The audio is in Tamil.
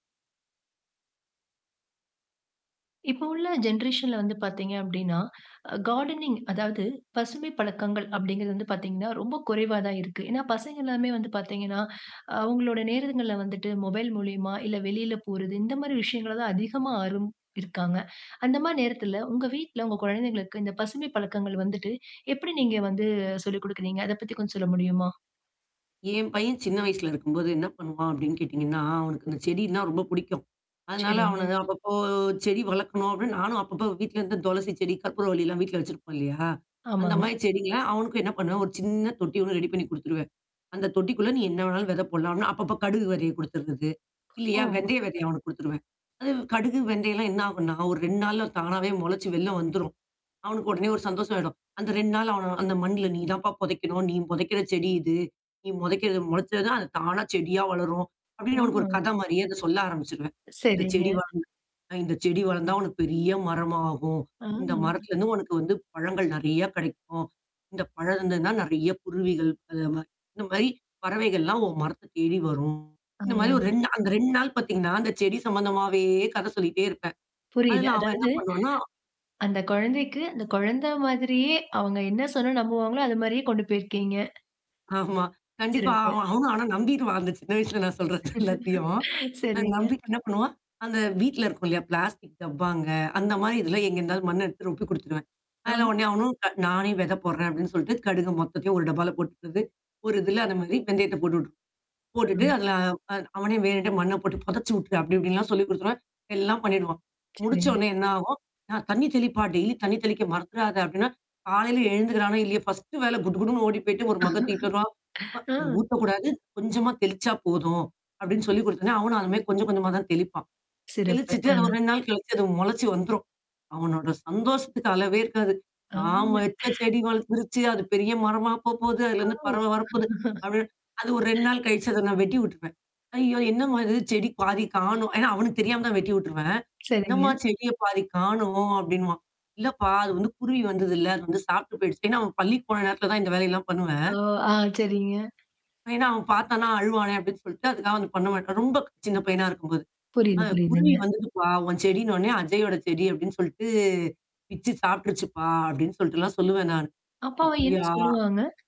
இப்பொ உள்ள ஜென்ரேசன்ல வந்து பாத்தீங்க அப்டின்னா, கார்டானிங் அதாவது, பசுமைப் பழக்கங்கள் அப்டிங்கிறது வந்து பாத்தீங்கன்னா, ரொம்பக் குறைவா தான் இருக்கு. ஏன்னா, பசங்க எல்லாமே வந்து பாத்தீங்கன்னா, அ அவுங்களுடைய நேரங்கள்ல வந்துட்டு, மொபைல் மூலியமா, இல்ல வெளில போறது, இந்த மாரி விஷயங்கள தான் அதிகமா ஆர்வம் இருக்காங்க. அந்த மாரி நேரத்தில உங்க வீட்ல, உங்க கொழந்தைங்களுக்கு, இந்தப் பசுமை பழக்கங்கள் வந்துட்டு, எப்படி நீங்க வந்து சொல்லிக் குடுக்குறீங்க? அதைப் பத்தி கொஞ்சம் சொல்ல முடியுமா? என் பையன் சின்ன வயசுல இருக்கும்போது என்ன பண்ணுவான்? அப்டீன்னு கேட்டீங்கன்னா, அவனுக்கு இந்தச் செடின்னா ரொம்ப புடிக்கும். அதனால, அவன சரிங்க. நான் அப்பப்போ செடி வளக்கணும், அப்டீன்னு நானும் அப்பப்போ வீட்டிலிருந்து துளசிச்செடி, கற்பூரவள்ளி எல்லாம் வீட்ல வச்சிருப்போம் இல்லையா? அந்த ஆமாங்க. மாரி செடிங்கலாம் அவனுக்கும் என்னா பண்ணுவேன், ஒரு சின்ன தொட்டி ஒண்ணு ரெடி பண்ணிக் குடுத்துருவேன். அந்தத் தொட்டிக்குள்ள நீ என்னா வேண்ணாலும் வெதை போடலாம் அப்டீன்னு, அப்பப்ப கடுகு விதையை கொடுத்துர்றது. இல்லையா, ஓ. வெந்தயம் வெதய அவனுக்கு குடுத்துருவேன். அது கடுகு, வெந்தயம் எல்லாம் என்னாகும்ன்னா, ஒரு 2 நாள்ல தானாவே மொளச்சு வெளில வந்துரும். அவனுக்கு உடனே ஒரு சந்தோஷம் ஆயிடும். அந்த 2 நாள்ல அவன "அந்த மண்ல நீ தான்ப்பா பொதைக்கணும், நீ பொதைக்கிற செடி இது, நீ புதைக்கிறது மொளச்சா தான் அது தானா செடியா வளரும்" அப்டீன்னு அவனுக்கு ஆமா. ஒரு கதை மாரியே அதைச சொல்ல ஆரம்பிச்சுருவேன். இந்தச் சரிங்க. செடி வளந்து அ இந்தச் செடி வளந்தா உனக்கு பெரிய மரமாகும், ஆ, இந்த மரத்திலிருந்து உனக்கு வந்து பழங்கள் நெறையா கிடைக்கும் இந்தப் பழம் இருந்ததுன்னா நெறையா குருவிகள் அது மாரி இந்த மாரி பறவைகள் எல்லாம் உன் மரத்தைத் தேடி வரும். இந்த மாரி ஒரு aa. 2 நா அந்த 2 நாள் பாத்தீங்கன்னா, அந்தச் செடி சம்மந்தமாவே கதை சொல்லிகிட்டே இருப்பேன். புரியுது. அதில அவன் என்னா அதாவது பண்ணுவான்னா அந்தச் கொழந்தைக்கு, அந்த கொழந்த மாதிரியே, அவுங்க என்னா சொன்னா நம்புவாங்களோ, அது மாரியே கொண்டு போயிருக்கீங்க. ஆமா கண்டிப்பா சிறப்பு. அவன் அவனும் ஆனா நம்பிருவான். அந்தச் சின்ன வயசுல நான் சொல்றது எல்லாத்தயும். அ சரிங்க. நம்பிட்டு என்னா பண்ணுவான்? அந்த வீட்ல இருக்கும் இல்லையா பிளாஸ்டிக் டப்பாங்க, அந்த மாரி இதெல்லாம் எங்கிருந்தாவது மண்ணை எடுத்து ரொப்பி கொடுத்துருவான். அதில அம் உடனே அவனும் க "நானே வெதை போடுறேன்" அப்டீன்னு சொல்ட்டு, கடுகு மொத்தத்தையுமே ஒரு டப்பால கொட்டுறது, ஒரு இதில அந்த மாரி வெந்தயத்தப் போட்டுவிட்டு போட்டுட்டு [unintelligible] அதில, அ அவனே வேணுண்ட்டே மண்ணப் போட்டுப் பொதச்சு வுட்ரு, அப்படி இப்படின்ல்லாம் சொல்லிக் குடுத்துருவேன். எல்லாம் பண்ணீடுவான். சரிங்க. முடிச்சவோன்னே என்னா ஆகும்? "ஆ தண்ணீ தெளிப்பா டெய்லி தண்ணீ தெளிக்க மறந்துறாத" அப்டீன்னா, காலையில எழுந்துர்றானோ இல்லையோ, ஃபஸ்டு வேல குடுகுடுன்னு ஓடிப்போய்ட்டு ஒரு மக்க தூக்கிட்டு வருவான் "அ ஆ. ஊத்தக்கூடாது கொஞ்சமா தெளிச்சா போதும்" அப்டின்னு சொல்லிக் குடுத்த்தோன்னே, அவனும் அது மாரி கொஞ்ச கொஞ்சமா தான் தெளிப்பான். சிறப்பு. தெளிச்சுட்டு அது அ. ஒரு 2 நாள் கழிச்சு அது மொளச்சு வந்துரும். அவனோட சந்தோஷத்துக்கு அளவே இருக்காது. அ. நாம வச்ச செடி வளந்துருச்சு அது பெரிய மரமாப் போப் போது, ஆ அதிலருந்து பறவை வரப்போது அப்படி இப்டி அது ஒரு 2 நாள் கழித்து அத நான் வெட்டி உட்ருவேன். "ஐயயோ! என்னம்மா இது செடி பாதிக் காணோம்?" ஏன்னா அவனுக்குத் தெரியாம தான் வெட்டி உட்டுருவேன். "என்னம்மா சரிங்க. செடிய பாதி காணோம்?" அப்படின்னுவான். "இல்லப்பா அது வந்து குருவி வந்ததுல்ல, அது வந்து சாப்ட்டுப் போய்டுச்சுன்னு" ஏன்னா அவன் பள்ளிக்கு போன நேரத்தில தான் இந்த வேலை எல்லாம் பண்ணுவேன். ஓ! ஆ, சரிங்க. ஏன்னா அவன் பாத்தான்ன்னா, அழுவானே அப்டின்னு சொல்ட்டு, அதுக்காக வந்து பண்ண மாட்டான். ரொம்ப சின்ன பையனா இருக்கும்போது, அ புரியுது "குருவி புரியுதுங்க. வந்துதுப்பா, உன் செடின்னோன்னே, அஜய்யோட செடி அப்டின்னு சொல்ட்டு, பிச்சு சாப்ட்ருச்சுப்பா" அப்டின்னு சொல்ட்டுல்லாம் சொல்லுவேன் நானு. அப்ப அவன் என்னா "அப்படியா?" சொல்லுவாங்க?